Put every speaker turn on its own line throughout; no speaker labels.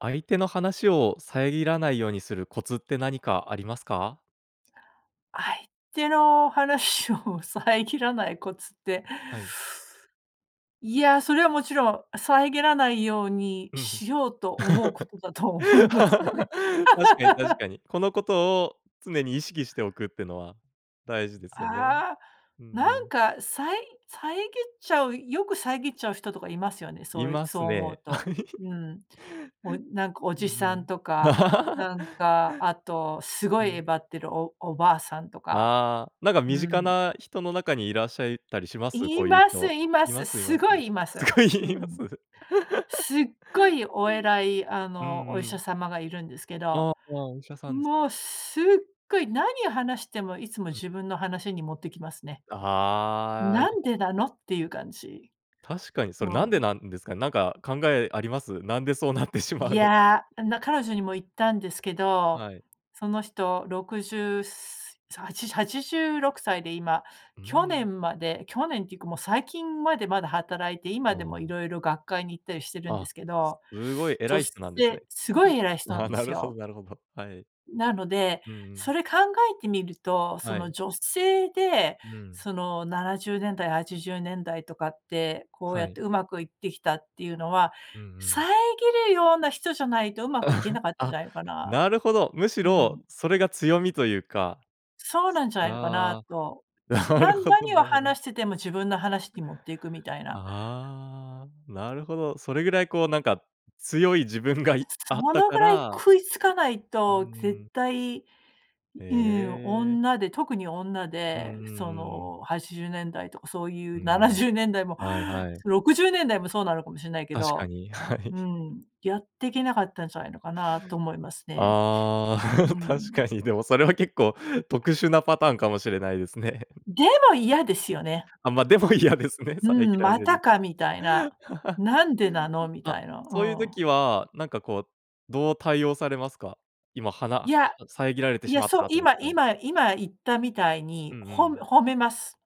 相手の話を遮らないようにするコツって、何かありますか？
相手の話を遮らないコツって。
はい。
いや、それはもちろん、遮らないように
うんうん。
しようと思うことだと思いますよ ね。
確かに確 かに。このことを常に意識しておくってのは、大事ですよね。
あ、
うんう
なん
ん。
か、さい遮っちゃうよく遮っちゃう人とかいますよね。
い
そい
ま
そ
す
う思う
ね。
と。うん。おなんか、お
うん
じさんと
うん。
か、なんかあと、す
う
ごいえ
ん。
ばってる、おおばあさんとか。
ああ。なんか
う
身近
ん。
な人の中に、いらっしゃいたりします？
い
こういう
ます、
人。
いま
いま
す。
すい
す
ます。
ごいいま
す
す。
ご
う
いいま
ん。
す？
すっごいお偉いあ
うんう
の、お医者
ん。
様がいるんですけ
あ、
ど。
あ、お医者さんです
もうすっごい、何を話しても、いつも
うん。
自分の話に持っていきますね。
ああ、
「な
い
んでなの？」っていう感じ。
確かにそ
う
れ、なんで
ん。
なんですかね。なんか考えあります？なんでそうなってしま
い
うのか。
や、な彼女にも言ったんですけど。
はい。
その人60すさはちはちじゅ86歳で、今。
う
去
ん。
年まで去年っていうかもう、最近までまだ働いて、
あ、
今でも
は。
色々学会に行ったりしてるん
あ
で
あ、
すけど。
すごい偉
女
い人なんですね。
性すご い偉い人なん
あ、
で
な
す
るほど
よ。
なるほど。はい。
なので、
うんう
そ
ん。
れ考えてみると、そ
は
の、
い。
女性で、
うん。
その、70年代、80年代とかって、こう
は
やっ
い。
てうまくいってきたっていうのは、
うんう
遮
ん。
るような人じゃないと、うまくいけな かったんじ
あ、
ゃないのかな。
なるほど。むし
う
ろ、
ん。
それが強みというか。
そうなんじゃないのかな
あ
と。
あ、
ち
なる
な
ほど
何
な
を
るほど。
話してても、自分の話に持っていくみたいな。
ああ、なるほど。それぐらいこう、なんか強い自分が、いあっ
そ
た
の
か
ぐらい
ら。
食いつかない
う
と、絶
ん。
対、
へ
うん、
え。
女で特に女
うんうん
でそ
うん。
の、80年代とかそうい
う
うなな
ん。
じゅうねんだいも、
はいはい。
60年代もそうなのかもしれないけ
確か
ど。
に。はい。
うん。やってけなかったんじゃないのかなと思いますね。
ああ。
う
確か
ん。
に。でもそれは結構、特殊なパターンかもしれないですね。
でも、嫌ですよね。
あ、ま、でも嫌
う、
ですね、遮
うん。
ら
「ま
れ
た
る
か」みたいな。「なんでなの？」み
あ、
たいな。う
そういう
ん。
時は、なんかこう、どう対応されますか？今はな
い
は
や、
遮られて
い
し
や、
まっ
そう。
たと思っ
今
たら。
今今言ったみたい
う
に、
んう
ほむ
ん。
褒めます。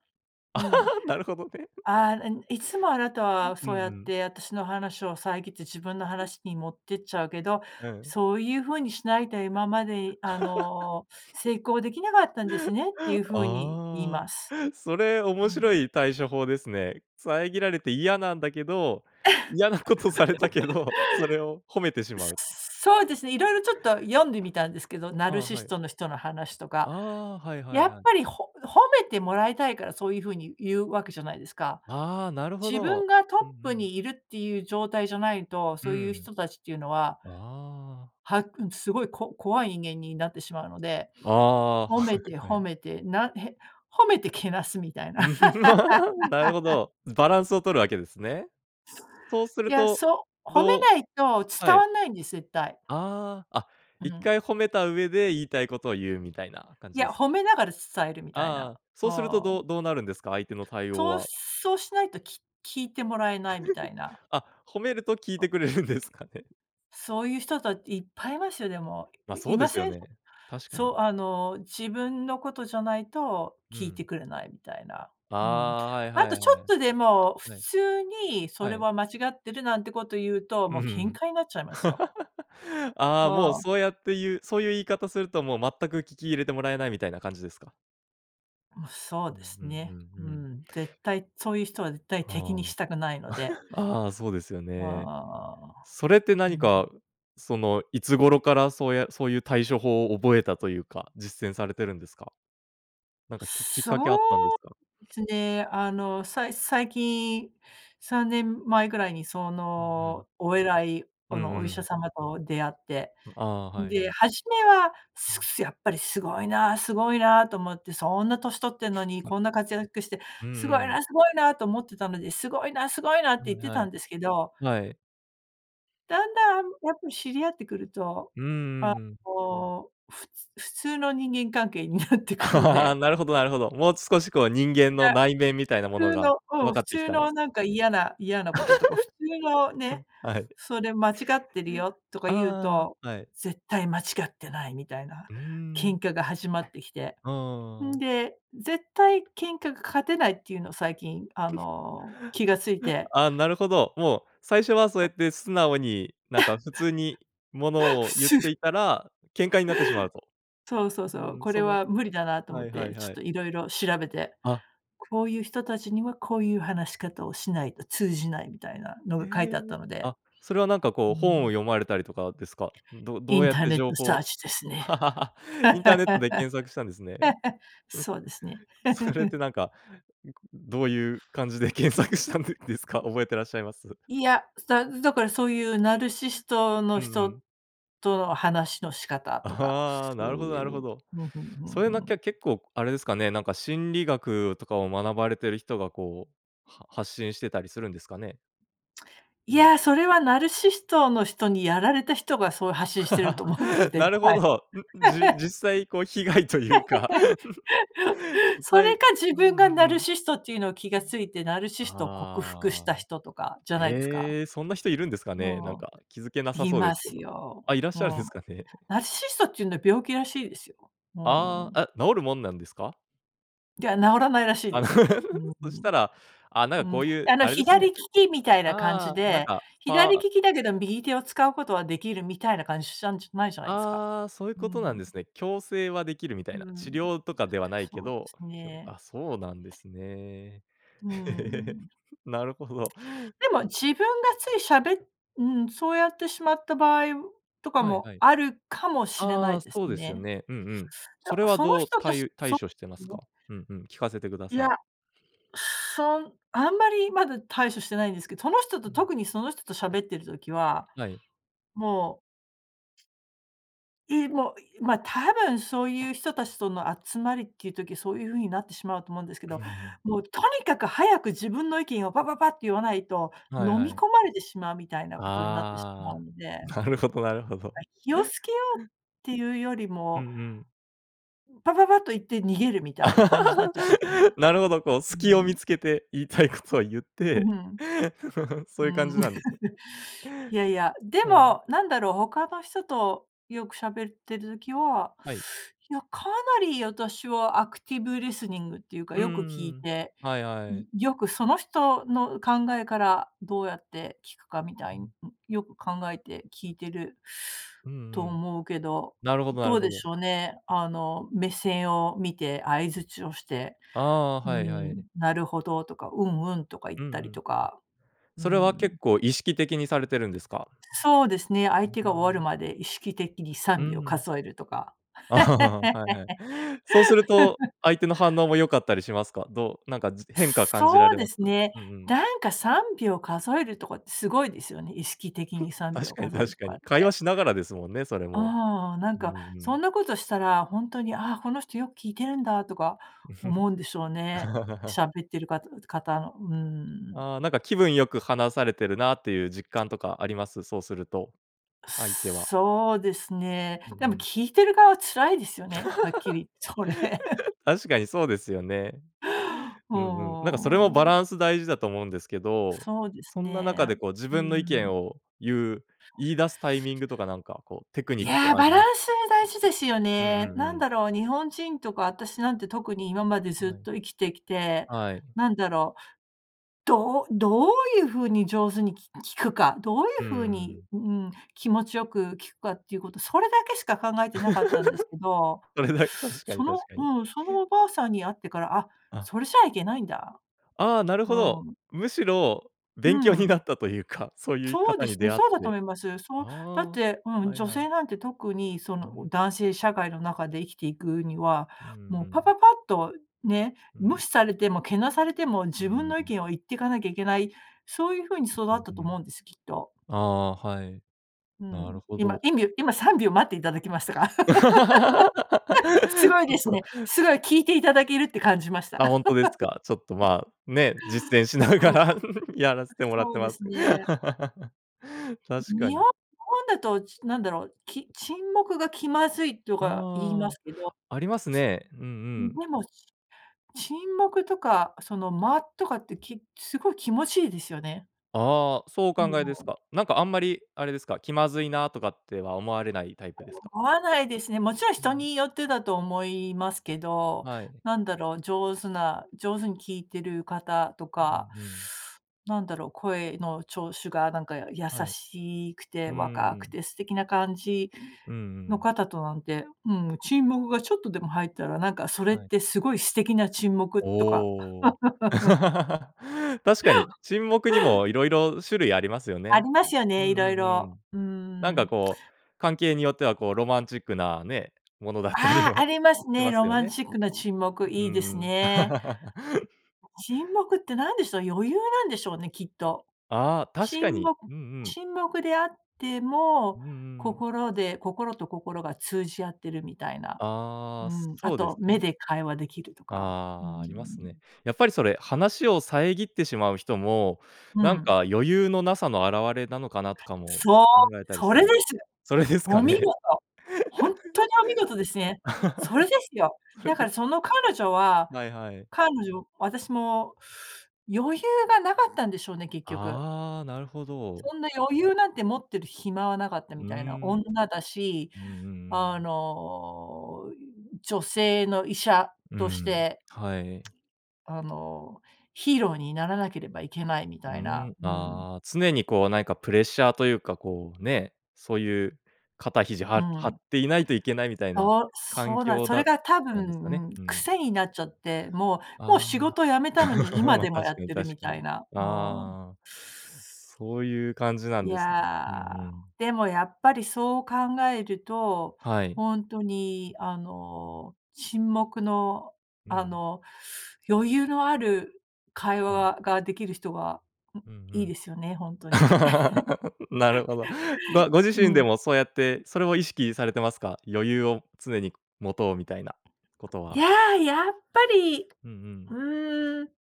うん。
なるほどね。
ああ、ん「いつもあなたは
うんう
そうやっ
ん。
て、私の話を遮って自分の話に持ってっちゃうけど、
うん。
そういうふうにしないと今まで、あの、成功できなかったんですね」ってい うふうに言い
あ
ます。
あ、それ面
うん。
白い対処法ですね。遮られて嫌なんだけど、嫌なことされたけど、それを褒めてし まう。
そそうですね。色々ちょっと読んでみたんですけど。ナ
あ
ル
あ、
シ
は
ス
い。
トの人の話と
あ
か。
あ、はいはい
やっ
はい。
ぱり、ほ褒めてもらいたいから、そういうふうに言うわけじゃないですか。
ああ、なるほ
自分
ど。
がトッ
うんう
プ
ん。
にいるっていう状態じゃないと、
う
そういう
ん。
人たちっていうのは
ああ。
はん、すごい、こ怖い人間になってしまうので。
ああ。
褒
は
めて、
い、は
褒
い。
めて、なへ褒めてけなすみたいな。
なるほ ど。バランスを取るわけですね。そうす
い
る
や、
と、
そ褒め
どう
ないと
は
伝
い。
わんないんです、絶対。
ああ。あ、
う
いっ
ん。
かい褒めた上で、言いたいことを言うみたいな感
い
じで
や、
す？
褒めながら伝えるみたい
あ
な。
あ。
お
そうするとど
ん。
うどうなるんですか？相手の対応
そう
は。
そうしないと、き聞いてもらえないみたいな。
あ、褒めると聞いてくれるんですかね。
そういう人たち、いっぱいいますよ、でも。
ま、そ
い
うで
ま
すよ
せん？
ね。確か
そう、
に。
あの、自分のことじゃないと
う
聞いて
ん。
くれないみたいな。
あ
うん。
あ、はい
あ
は
と
い
ちょ
は
っ
い。
とでも、普
はい。
通にそ
は
れ
い。
は間違ってる、なんてこと言うと、
う
も
ー
う喧
ん。
嘩になっちゃいますよ。
あ
お
あ、もう
ん。
そうやって言うそういう言い方すると、もう全く聞き入れてもらえないみたいな感じですか？
うん、そう
う
で
ん
す
うんう
ね。
ん
う
うん。
ん、絶対そういう人は絶対、敵に
は
した
あ。
くないので。
ああ、そうですよ
あ
ね。
あ。
それって
うー
何
ん。
か、その、いつ頃からそうやそういう対処法を覚えたというか、実践されてるんですか？なんかききっ
そ
かけはあったん
う
ですか？
ですね。あの、さい最近3年前ぐらいに、そ
うんうん。
の、お偉い、
う
あ
ん
の、
う
お医者
ん。
様と出会って。
ああ、はいは
で、
い。
初めは
う
すく
ん。
すやっぱり「すごいな、すごいな」と思って。「そんな年取ってんのに、こんな活躍して、
うん
すごい
うん。
な、すごいな」と思ってたので、「すごいな、すごいな」って
は
言っ
い
て
は
たん
い。
ですけど。
はい。
だんだん、あん、やっぱ知り合ってくると、
うんう
あ
んうん。
の、ふつ普通の人間関係になってくの
あ
で。
あ、なるほどなるほど。もう少し、こう、人間
い
の
や。
内面みたいなも
普
の
通
が
のう
分
ん、
か
普
ってき
通
たんです。
の、なんか、嫌な嫌なこととか、普通のね、
うん、はい。
「それ、間違ってるよ」とか言う
あ
と、
あ、はい。
絶対間違ってないみたいな
うー
喧
ん。
嘩が始まってきて。
あ
うん
あ。
で、絶対喧嘩が勝てないっていうのを最近、あ の、気が付いて。
ああ、なるほど。もう最初はそうやって素直に、なんか、普通にも のを
普
言っ
通
ていた ら、喧嘩になってしまうと。
そうそう
う
そう、
ん、
これ
その
は無理だなと思
は
っ
いはい
て、ちょっ
はい。
と色々調べて。
あ。
こういう人たちには、こういう話し方をしないと通じないみたいなの
へ
が書いてあった
え。
ので。
あ、それは、なんか、
う
こう、
ー
本を
ん。
読まれたりとかですか？ど
イ
どう
ン
やっ
ター
て
ネッ
情
トサー
報
チですね。
インターネットで検索したんですね。うん。
そうですね。
それって なんか、どういう感じで検索したんでですか？覚えていらっしゃいます？
いや、だだからそういうナルシスト
う
の
んう
人
ん。
との話の仕方とか、
ああ、な
そ
る
う
ほど
い
なるほ
う
ど。
ふんふんふん
そういうな
ふ
き
ん。
ゃ結構あれですかね、なんか心理学とかを学ばれてる人がこう、は発信してたりするんですかね？う
い
ん。
や、それはナルシストの人にやられた人が、そう発信してると思いますよ、絶
なるほ
対。
ど。ん、じ 実際、こう、被害というか
そ
は
れ
い、
か、自
うんう
分がナ
ん
ル
うん。
シストっていうのを気が付いて、ナルシストを克服し
あ
た
あ。
人とかじゃないですか。
ええ、そんな人いるんですかね？なん
うん。
か、気付けなさ
い
そうで
ま
すけ
す
ど。
よ。
あ、いらっ
う
しゃるん
ん。
ですかね。
ナ ルシストっていうのは病気らしいですよ。う
ああ、
ん。
あ、治るもんなんですか？
では治らないらしい
あ
で
の、
す。うん
そしたら、あ、なんか
うん、う
こ
ん。
ういう
あの
あれです
左
ね。
利きみたいな感じ
ああ、なん
で、
か、
左
ぱ
利きだけど右手を使うことはできる、みたいな感じしたんじゃないじゃないですか。
ああ、そういう
う
ことなん
ん。
ですね。矯正はできるみたいな、
うん、
治療とかではないけ
そうで
ど、
す
きょ
ね。
あ、そうなんですね。
うー ん。
なるほど。
でも自分がついしゃべうん、そうやってしまった場合とか
はい
も
はい。
あるかもしれな
あ
い
あ、
です
そうですよ
ね。
ね。うんうん。それ
や、
は
その
どう、
人と
た
し
い
そ
対処してます
の
か？うんうん、聞かせてくだ
い
さ
や、
い。
そんあんまりまだ対処してないんですけど、その人
う
と、
ん。
特にその人と喋ってる時は、
はい。
もういも、ま、多分そういう人たちとの集まりっていう時そういう風になってしまうと思うんですけ
う
ど、
ん。
もうとにかく早く自分の意見をパパパって言わないと、
はい
飲
は
み
い。
込まれてしまうみたいなことになってしまう
あ
ので。
あ、なるほどなるほど。
ま、気をつけようっ ていうより
う
も、
んうん。
パパパッと言って逃げるみたいな感じになっちゃうんですよね。
なるほど、こう
う
隙を見
ん。
つけて言いたいことを言っ
う
て、
ん、
そ
う
ういう感
ん。
じなんですね。
いやいや、で
はい。
もなんだろう、他の人とよく喋ってる時は、
はい。
いやかなり私はアクティブリスニングっていうか、
うん
よく聞
う
い
んうん、
て、
はいは
ん、
い。
よくその人の考えからどうやって聞くかみた
う
いに、
ん。
よく考えて聞いてる
うん
と
うん。
思うけど、
なるほどな
ど
る
う
ほ
でし
ど。
ょうね、あの、目線を見て相槌をして、
ああ、
う
はいは
ん、
い。
「なるほど」とか、「うんうん」とか言っ
うんう
たり
ん。
とか、
あ、
う
それは
ん。
結構意識的にされてるんですか？
そうですね、
う
相手
ー
が終わる
ん。
まで意識的にさ
う
んびょう
ん。
数えるとか。
ああはいはい。そうすると、相手の反応も良かったりしますか？どう、なんかじ変化感じら
そう
れ
で
ます？
すね。
うんうん。
なんか3秒数えるとかってすごいですよね。意識的に さんびょ
確
う
かに
数える
確
と
か
か
に、
っ
会話
て。
しながらですもんね、それも。
ああなん
うんう
か、そ
ん。
んなことしたら、ほんとに、ああ、この人よく聞いてるんだ、とか思うんでしょうね。喋ってるかた方の、うーん。
ああ、なんか気分良く話されてるなっていう実感とかあります？そうすると相手は。
そうですね。
うん
で
う
も
ん。
聞いてる側は辛いですよね、はっきりそれ。
確かにそうですよね。うんうん。なんかそれもバ
も
ラ
う。
ンス大事だと思うんですけど、
そうです
そんな中
ね、
でこう自
う
分の意見
ん。
を言う言い出すタイミングとかなんかこうテク
い
ニック
や、
があ
バ
り
ラ
ま
ンス大事ですよ
うん
ね。
うん
なん
うん。
だろう、日本人とか私なんて特に今までずっ
はい。
と生きてきて、
はい。
なんだろう、どうどういう風に上手にき聞くか、どうい
う
う
ー
風に、
ん。
うん、気持ちよく聞くかっていうこと、それだけしか考えてなかったんですけど、
それ だ、確か
そ
に
の、
確かに。
うん、そのおばあさんに会ってから、あ、
あ。
それじゃいけないんだ。
ああ、なる
う
ほど。
ん。
むしろ勉
う
強にな
ん。
ったというか、そういう
そうで
方に
すね、
出会っ
そうだと
て。
思います。そう、
あ
だって、う
あ、
ん、
はい
女
は
性
い。
なんて特にそ
う
の
ん。
男性社会の中で生きていくには、
うんう
もうパ
ん。
パパッとね、
う
無
ん。
視されてもけなされても
う
自分
ー
の意
ん。
見を言っていかなきゃいけない、そういう風に育
う
っ
ん
たと
う
思
ん。
うんです、きっと。
ああ、はい、
う
なる
ん、
ほ
今、
ど。
いみゅ今3秒待っていただきましたか？
ち
す
ょ
ごい
っ
です
と
ね。すごい聞いていただけるって感じました。
あ、ほんとですか。ちょっと まあね、実践しなが
そう。
らやらせてもらっ
そ
て
うで
ます。
すね。
確か
日本
に。
日本だと、ちなんだろう、き沈黙が気まずいとか言いま
あ
すけど。
あ、ありますね。うんう
うん、
ん。
でも沈黙とかその間とかってきすごい気持ちいいですよね。
ああ、そうお考
で
えです
も
か？なんかあんまりあれですか、気まずいなとかっては思われないタイプですか？
思わないですね。もちろん
う
人
ん。
によってだと思いますけど、
はい。
なんだろう、上手な上手に聞いてる方と
う
か、
んうん。
なんだろ、声のちょうしゅがなんか、や優
はい。
しいくて、
うー
若く
ん。
て素敵な感じ
うんう
の
ん。
方となんて、うん、沈黙がちょっとでも入ったら、なんかそれっ
はい。
てすごい素敵な沈黙とか。
おお。確かに、沈黙にも色々種類ありますよ
あ
ね。
りますよ
う
ね、
んう
色
ん
々。
うん。
うー
なん
ん。
か
え
こう関係によってはこうロマンチックなね、ものだったり
ああ、あ
も
ります
し
ね、
ます
ロ
よ
マン
ね。
チックな沈黙、
うー
いいです
ん。
ね。沈黙って何でしょう？余裕なんでしょうね、きっと。
ああ、確か
沈
に。
黙
うんうん。
沈黙であって
う
も、
んうんうん。
心で心と心が通じ合ってるみたいな。
あ
う
あ、そ
ん、あ
そうで
と
す
目
ね。
で会話できるとか。うー
ああ、
ん。
ありますね。やっぱりそれ、話を遮ってしまう人も、
う
なんか
ん。
余裕のなさの表れなのかなとかも
そう、
考えたり
そ
す
れ
るん
です！
それですか
お見
ね。
事！ほんっとに、お見事ですね。それ ですよ。だ
そ
か
れ
ら
で
その彼女は
はいはい。
彼女私も余裕がなかったんでしょうね、結
あ、
局。
ああ、なるほど。
そんな余裕なんて持ってる暇はなかった
う
み
ー
たいな。
ん。
女だし、
うんうんう
あ
ん。
の、女性の医者
う
とし
ん、
て
はい。
あの、ヒーローにならなければいけないみ
う
たいな。
ん、
うん。
ああ、常にこうなんかプレッシャーというか、こうね、そういう肩肘
う
は張っ
ん。
ていないといけないみたいな
そう、
環
そうなん
境
それ
だっ
が多
たんですかね？
分
うん。
癖になっちゃって、もうもう
あ
仕
あ。
事辞めたのに 今
ま、
でもや
確か
っ
に
てる
確
み
か
た
に。
いな、うん。
ああ、そういう感じなん
い
ですね、うんう
や、
ん。
でもやっぱりそう考えると、
はい。
ほんとにあの、沈黙の
う
あ
ん。
の、余裕のある会話
はい。
はができる人は、ん、
うんう
いい
ん。
ですよね、ほんとに。
なるほど。ご ご自
う
身で
ん。
もそうやって、それも意識されてますか？余裕を常に持とうみたいなこと
いや、
は。
やっぱり、
うんう
う
ん。
ーん、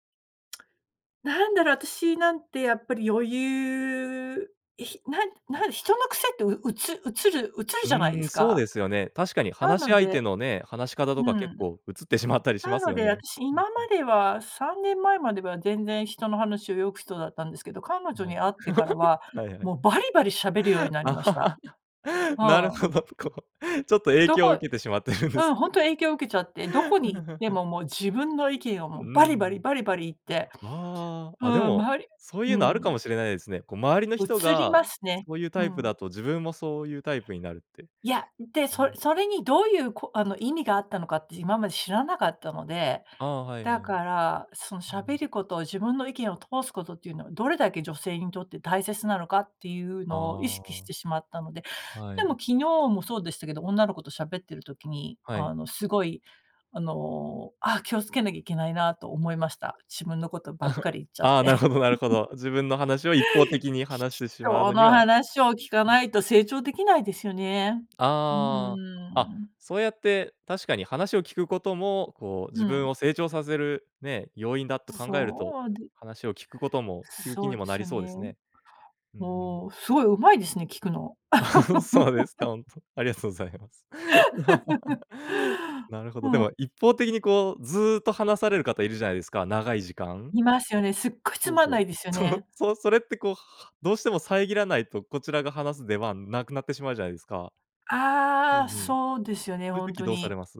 なんだろう、あたしなんてやっぱり余裕、ひなんなん人の癖ってううつ移る移る
う
じゃないで
ーん、
す
そう
か、
ですよね。確かに
な
話し
の
相手
で
のね、話し方
う
とか結
ん。
構移ってしまったりしま
な
す
の
よ
であ
ね。
たし、
うん、う
今ま
ん。
では、3年前までは、全然人の話をよく、人だったんですけど、彼女
はい。
に会ってからは、
はいは
もうバリバリ喋るようになりました。
い。
う
なる
ん。
ほど、こう、ちょっと、影
ど
響を
こ
受けてしまってるんで
う
す
ん、ほ
ね。
んと影響受けちゃって、どこに行って も、もう、自分の意見を
う
もう、バリバリ、
ん。
バリバリ言って、
あ
う
あ、あ、で
ん、
も、
周り
そうい
う
うのあるか
ん。
もしれないですね、こう、周りの人
移り
が
ますね。
そういう
う
タイプ
ん。
だと自分もそういうタイプになるって。
いや、で、
う
そ
ん。
それにどういうこあの、意味があったのかって今まで知らなかったので、
ああ、はい
だ
はい。
から、その、
う
喋
ん。
ることを自分の意見を通すことっていうのはどれだけ女性にとって大切なのかっていう
あ
のを意識してしまったので。
あ。は
でも
い。
昨日もそうでしたけど、女の子としゃべってる時に、
は
あ
い。
の、すごい、あの、「あ、気をつけなきゃいけないな」と思いました。自分のことばっかり 言っちゃっ
ああ、
て。
なるほどなるほ ど。自分の話を一方的に話してしまう
人
のに
の
は
話を聞かないと成長できないですよね。うー
ああ、あ、
ん。
そうやって、確かに話を聞くことも、こう
う
自分
ん。
を成長させるね、要因だと考えると、
そうで
話を聞くことも聞く気
そ
に
うで
もな
す
り
よ
そうで
ね。
すね。うんうん。
おお、すごい上手いですね、聞くの。
そうですか、ほんと、ありがとうございます。なるほ
う
ど。で
ん。
も、一方的にこう、ずーっと話される方いるじゃないですか、長い時間。
いますよね、すっごいつ
そう
まん
そう。
ないですよ
その、
ね。
そそれってこう、ははどうしても遮らないと、こちらが話す出番なくなってしまうじゃないですか。う
あ
ん
あ、
うん、そ
そうですよね、
ういう
ほん
時
と
どうされ
に。
ます？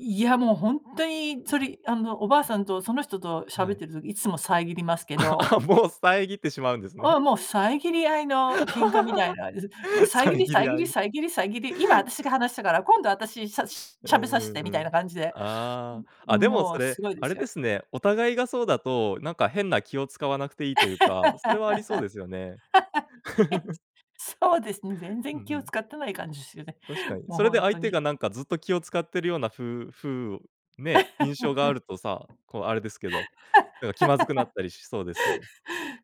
いやもうほんとにそれ、いあの、おばあさんと、その人と喋っ
はい。
てる時いつも遮りますけ
あ、
ど
あ、もう遮ってしまうんです
あ
ね。
あ、もう遮り合いの喧嘩みたいなです。う、もう 遮り、
遮り
遮
合
り、
い。
遮り、遮り、「今、あたしが話したから、今度あたし、しゃし
う
ゃべさ
んう
せて」
んう
みたいな
ん。
感じで、
ああ、あ、
も
でも
も
そ
うす
れ、
ごいで
あ
す
れで
よ。
すね、お互いがそうだと、なんか変な気を遣わなくていいというか、それはありそうですよね。
へ、そうですね、全
うん
然
う
気を
ん。
遣ってない感じすよね、
確かに。
も、
それ
ほ
で
ん
相
と
手
に。
がなんかずっと気を遣ってるようなふうふうを、ね、印象があるとさ、こう あれですけど、なんか気まずくなっ たりしそうですけど。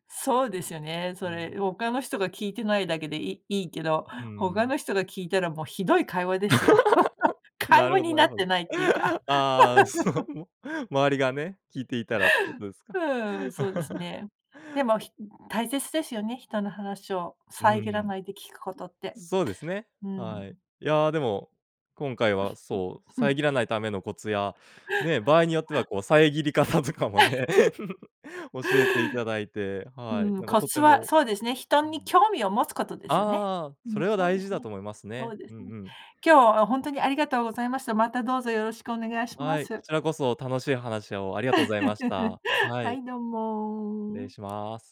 そうですよね、
う
そ
ん。
れ、ほかの人が聞いてないだけで、いいいけど、
うー
ほか
ん。
の人が聞いたらもうひどい会話ですよ。会
なる
話
ほど
に
な
な
る
っ
ほ
て
ど。
ないっていうか。
ああ、そ の、周りがね、聞いていたらってことです
ふ
か。
ーん、そうです ね。でも、ひ大切ですよね、人の話を
うー
遮ら
ん。
ないで聞くことって。
そうですね、
う
は
ん。
い。いやでも、今回はそう、遮らないためのコツや、ね、場合によっては こう、遮り方とかもね、教えていただいて、
う
はい、
ーん、
なんか
コ
とて
ツは、
も
そうですね、人
う
に
ん、
興味を持つことですよね。
ああ、
う
そ
ん、
れは
そうで
大
す
事だ
ね、
と思います
そ
ね、
うで
う
す
ん
ね。
うん。
今日はほんとにありがとうございました。またどうぞよろしくお願いしま
はい、こ
す。
ちらこそ楽しい話をありがとうございまし た。は
は
い。
い、どう
失礼
も。
します。